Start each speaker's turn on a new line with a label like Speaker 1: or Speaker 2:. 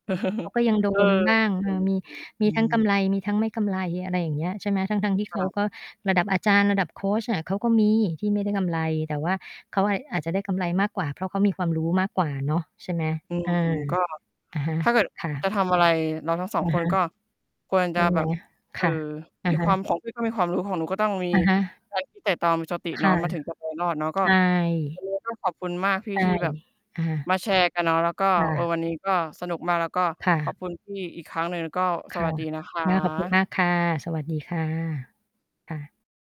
Speaker 1: เขาก็ยังโด
Speaker 2: เออ
Speaker 1: นบ้าง
Speaker 2: จ
Speaker 1: เอ
Speaker 2: ริง
Speaker 1: อ มี ม
Speaker 2: ๆ
Speaker 1: ี
Speaker 2: อื
Speaker 1: ทั้งกำ
Speaker 2: ม
Speaker 1: ไร มีทั้งไม่กำไร อะไรอย่างเงี้ย ใช่ไหม ทั้ง ๆ ที่
Speaker 2: ค
Speaker 1: เขา
Speaker 2: ่ะ
Speaker 1: ก็ระดับอาจารย์ ระดับโคชอะเขาก็มีที่ไม่ได้กำไร แต่ว่าเขา อ อาจจะได้กำไรมากกว่า เพราะเขามีความรู้มากกว่าเนาะ ใช่ไหม
Speaker 2: อื
Speaker 1: เ
Speaker 2: ม
Speaker 1: ออ
Speaker 2: ๆ ก็
Speaker 1: อะฮะ
Speaker 2: ถ้าเกิด
Speaker 1: ค่ะ
Speaker 2: จะทำอะไร เราทั้ง 2
Speaker 1: อะ
Speaker 2: ค
Speaker 1: ฮ
Speaker 2: น
Speaker 1: ะ
Speaker 2: ก็ควร
Speaker 1: ใ
Speaker 2: จ
Speaker 1: ช
Speaker 2: ะ
Speaker 1: ่ไ
Speaker 2: แ
Speaker 1: ห
Speaker 2: บ
Speaker 1: ม
Speaker 2: บ เ
Speaker 1: ค
Speaker 2: อ่อ
Speaker 1: ่ะ อ
Speaker 2: ม
Speaker 1: ะ
Speaker 2: ี
Speaker 1: ฮ
Speaker 2: ค
Speaker 1: ะ
Speaker 2: วาม ของพี่ ก็มีความรู้ ของหนูก็ต้องมี
Speaker 1: อะฮะ
Speaker 2: การคิด ไตร่ตรอง มีสติ
Speaker 1: ค
Speaker 2: เนา
Speaker 1: ่
Speaker 2: ะ
Speaker 1: ะ
Speaker 2: มันถึงจะ ไปรอด เนาะ ก็
Speaker 1: ใช่
Speaker 2: วันนี้ก็ ขอบคุณมากพี
Speaker 1: ใ
Speaker 2: ่
Speaker 1: ช่
Speaker 2: ที่แบบ
Speaker 1: อะฮะ
Speaker 2: มาแชร์กันเนาะ แล้วก็
Speaker 1: ค่
Speaker 2: เออ
Speaker 1: ะ
Speaker 2: วันนี้ก็สนุกมาก แล้วก็
Speaker 1: ค่
Speaker 2: ขอ
Speaker 1: ะ
Speaker 2: บคุณพี่ อีกครั้งหนึ่ง แล้วก็
Speaker 1: ค
Speaker 2: ส
Speaker 1: ่
Speaker 2: ว
Speaker 1: ะ
Speaker 2: ัสดีนะค
Speaker 1: ค่ะ ขอบคุณ
Speaker 2: ะ
Speaker 1: มากค่ะ สวัสดีค่ะ ค่ะ